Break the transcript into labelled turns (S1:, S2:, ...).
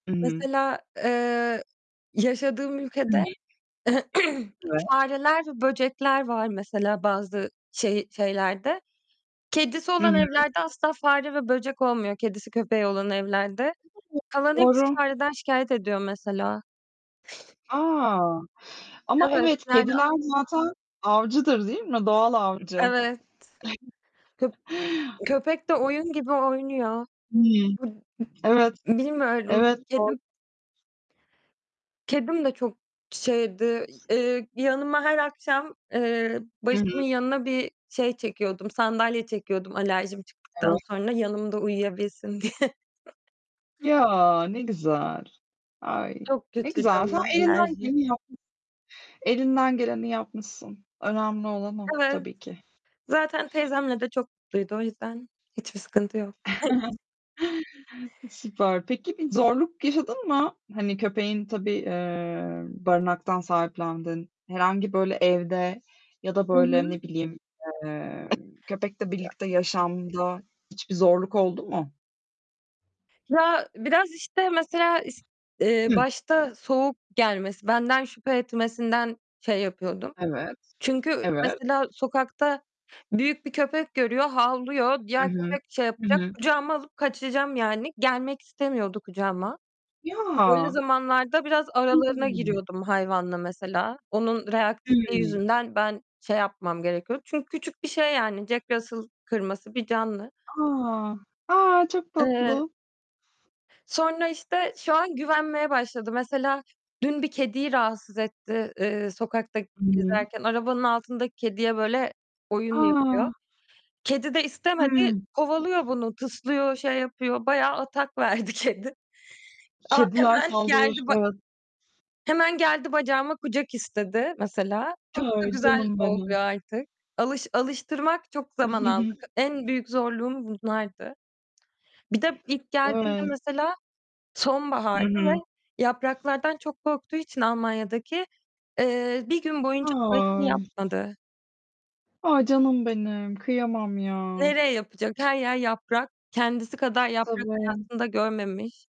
S1: I hı.
S2: Mesela, eee, yaşadığım ülkede
S1: [unintelligible] Evet.
S2: fareler ve böcekler var, mesela, bazı şey şeylerde. Kedisi
S1: Hı
S2: olan
S1: hı.
S2: evlerde asla fare ve böcek olmuyor kedisi köpeği olan evlerde.
S1: [unintelligible]
S2: Kalan hepsi
S1: Doğru.
S2: fareden şikâyet ediyor, mesela.
S1: A!
S2: E
S1: Ama
S2: evet,
S1: evet,
S2: yani
S1: kediler zaten avcıdır değil mi? Doğal avcı.
S2: Evet. Köp köpek de oyun
S1: [unintelligible]
S2: gibi oynuyor.
S1: Hıı.
S2: Bu ı
S1: Evet.
S2: bilmiyorum,
S1: Evet. Doğru.
S2: kedim kedim de çok şeydi, i eee, yanıma her akşam, eee,
S1: Hı hı.
S2: başımın yanına bir şey çekiyordum, sandalye çekiyordum alerjim çıktıktan
S1: Eve
S2: sonra, yanımda uyuyabilsin diye.
S1: Ya! Ne güzel. Ay,
S2: Çok
S1: ne
S2: kötüydü
S1: güzel. Sen
S2: ama
S1: elinden
S2: alerji.
S1: geleni yapmış Elinden geleni yapmışsın. Önemli olan o,
S2: Evet,
S1: tabii ki.
S2: zaten teyzemle de çok mutluydu o yüzden hiçbir sıkıntı yok. [unintelligible]
S1: Süper. Peki, bir zorluk yaşadın mı? Hani, köpeğin, tabii, eee, barınaktan sahiplendin. Herhangi böyle evde ya da
S2: Hı
S1: böyle,
S2: hı.
S1: ne bileyim, eee, köpekle birlikte
S2: Yani.
S1: yaşamda hiçbir zorluk oldu mu?
S2: Ya, biraz, işte, mesela, iş eee,
S1: Hı.
S2: başta soğuk gelmesi, benden şüphe etmesinden şey yapıyordum.
S1: Evet.
S2: Çünkü
S1: Evet.
S2: mesela sokakta büyük bir köpek görüyor, havlıyor.
S1: I
S2: Diğer
S1: hı.
S2: köpek şey
S1: Hı
S2: yapacak,
S1: hı.
S2: kucağıma alıp kaçacağım, yani. Gelmek istemiyordu kucağıma. Öyle
S1: Ya!
S2: zamanlarda biraz
S1: Hı
S2: aralarına
S1: hı.
S2: giriyordum hayvanla, mesela. Onun reaktifliği
S1: Hıı.
S2: yüzünden ben şey yapmam gerekiyordu çünkü küçük bir şey, yani, Jack Russell kırması bir canlı.
S1: Aa, a, çok
S2: Eee
S1: tatlı!
S2: sonra, işte, şu an güvenmeye başladı. Mesela, dün bir kediyi rahatsız etti, eee, sokakta
S1: Hıı.
S2: gezerken. Arabanın altındaki kediye böyle oyun
S1: Aa!
S2: yapıyor. Kedi de istemedi
S1: Hıı.
S2: kovalıyor bunu, tıslıyor, şey yapıyor, bayağı atak verdi kedi. A
S1: Kediler
S2: hemen geldi
S1: saldırır.
S2: ba
S1: Evet.
S2: hemen geldi bacağıma kucak istedi, mesela. Çok da
S1: Ay!
S2: güzel
S1: Canım
S2: oluyor
S1: benim.
S2: artık. Alış alıştırmak çok zaman aldı. En büyük zorluğum bunlardı. Bir de ilk geldiğimde
S1: Evet.
S2: mesela
S1: Hı
S2: sonbahardı ve
S1: hı.
S2: yapraklardan çok korktuğu için Almanya'daki, eee, 1 gün boyunca tuvaletini
S1: Ay!
S2: yapmadı.
S1: A! Canım benim kıyamam ya.
S2: Nereye yapacak? Her yer yaprak, kendisi kadar yaprak,
S1: Tabii.
S2: hayatında görmemiş.